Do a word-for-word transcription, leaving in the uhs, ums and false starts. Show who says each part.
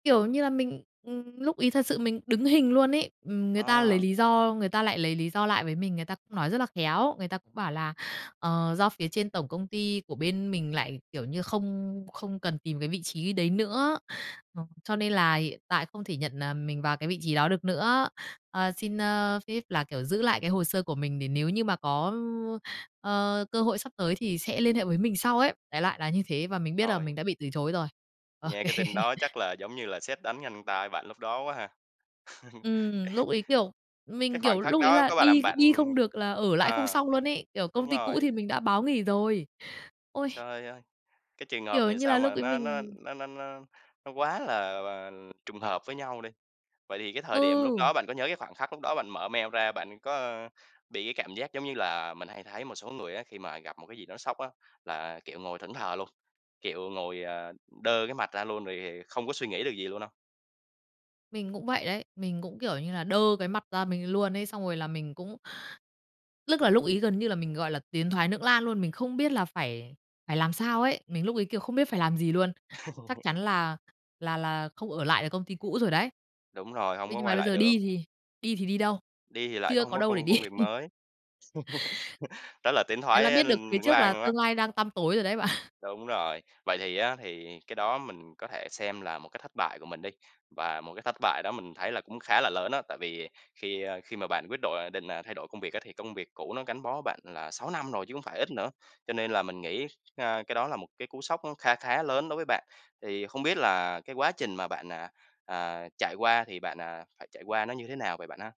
Speaker 1: Kiểu như là, mình, ừm, lúc ấy thật sự mình đứng hình luôn ấy. Ừm, người ta lấy
Speaker 2: À.
Speaker 1: lý do người ta lại lấy lý do lại với mình, người ta cũng nói rất là khéo, người ta cũng bảo là, ờ, do phía trên tổng công ty của bên mình lại, kiểu, như không không cần tìm cái vị trí đấy nữa. Ờ, cho nên là hiện tại không thể nhận, ờ, mình vào cái vị trí đó được nữa. Ờ, xin, ơ, phép là, kiểu, giữ lại cái hồ sơ của mình để nếu như mà có, ơ, cơ hội sắp tới thì sẽ liên hệ với mình sau ấy. Đại loại là như thế và mình biết
Speaker 2: Trời
Speaker 1: là
Speaker 2: ơi!
Speaker 1: mình đã bị từ chối rồi. Ô
Speaker 2: Nghe cái tin
Speaker 1: kê.
Speaker 2: đó chắc là giống như là sét đánh nhanh tai bạn lúc đó quá ha?
Speaker 1: Ừm, lúc ấy, kiểu,
Speaker 2: Cái
Speaker 1: mình, kiểu,
Speaker 2: khoảnh khắc
Speaker 1: lúc ấy
Speaker 2: đó
Speaker 1: là
Speaker 2: có bà
Speaker 1: đi
Speaker 2: làm bạn
Speaker 1: đi không được là ở lại không
Speaker 2: ờ,
Speaker 1: xong luôn ấy, kiểu, công
Speaker 2: đúng
Speaker 1: ty cũ
Speaker 2: rồi.
Speaker 1: thì mình đã báo nghỉ rồi. Ôi!
Speaker 2: Trời ơi! Cái trường hợp
Speaker 1: Kiểu,
Speaker 2: này
Speaker 1: như
Speaker 2: sao
Speaker 1: là lúc
Speaker 2: mà
Speaker 1: ấy
Speaker 2: nó nó
Speaker 1: mình
Speaker 2: nó nó nó nó quá là là trùng hợp với nhau đi. Vậy thì cái thời điểm lúc
Speaker 1: Ừ.
Speaker 2: đó bạn có nhớ cái khoảnh khắc lúc đó bạn mở mail ra bạn có, ơ, bị cái cảm giác giống như là mình hay thấy một số người á, khi mà gặp một cái gì đó sốc á, là, kiểu, ngồi thẫn thờ luôn, kiểu, ngồi, à, đơ cái mặt ra luôn rồi, à, không có suy nghĩ được gì luôn hông?
Speaker 1: Mình cũng vậy đấy, mình cũng, kiểu, như là đơ cái mặt ra mình luôn ấy. Xong rồi là mình cũng Lức là lúc ấy gần như là mình gọi là tiến thoái nưỡng lan luôn, mình không biết là phải phải làm sao ấy. Mình lúc ấy, kiểu, không biết phải làm gì luôn. Chắc chắn là là là không ở lại được công ty cũ rồi đấy.
Speaker 2: Đúng rồi, hông
Speaker 1: Thế
Speaker 2: có
Speaker 1: nhưng mà
Speaker 2: quay
Speaker 1: bây
Speaker 2: lại
Speaker 1: giờ đi
Speaker 2: được.
Speaker 1: thì đi thì đi đâu?
Speaker 2: Đi thì lại cũng
Speaker 1: Chưa
Speaker 2: hông
Speaker 1: có
Speaker 2: có
Speaker 1: đâu để
Speaker 2: công
Speaker 1: đi.
Speaker 2: công việc mới. Đó là tiến
Speaker 1: Thế là
Speaker 2: thoái,
Speaker 1: biết
Speaker 2: a,
Speaker 1: được phía
Speaker 2: lưỡng
Speaker 1: trước là
Speaker 2: lan luôn á.
Speaker 1: tương lai đang tăm tối rồi đấy bạn.
Speaker 2: Đúng rồi. Vậy thì á thì cái đó mình có thể xem là một cái thất bại của mình đi, và một cái thất bại đó mình thấy là cũng khá là lớn á. Tại vì khi, a, khi mà bạn quyết đổi định, à, thay đổi công việc á thì công việc cũ nó gắn bó bạn là sáu năm rồi chứ hông phải ít nữa, cho nên là mình nghĩ, a, cái đó là một cái cú sốc kha khá lớn đối với bạn, thì không biết là cái quá trình mà bạn, à, à, trải qua thì bạn, à, phải trải qua nó như thế nào vậy bạn ha?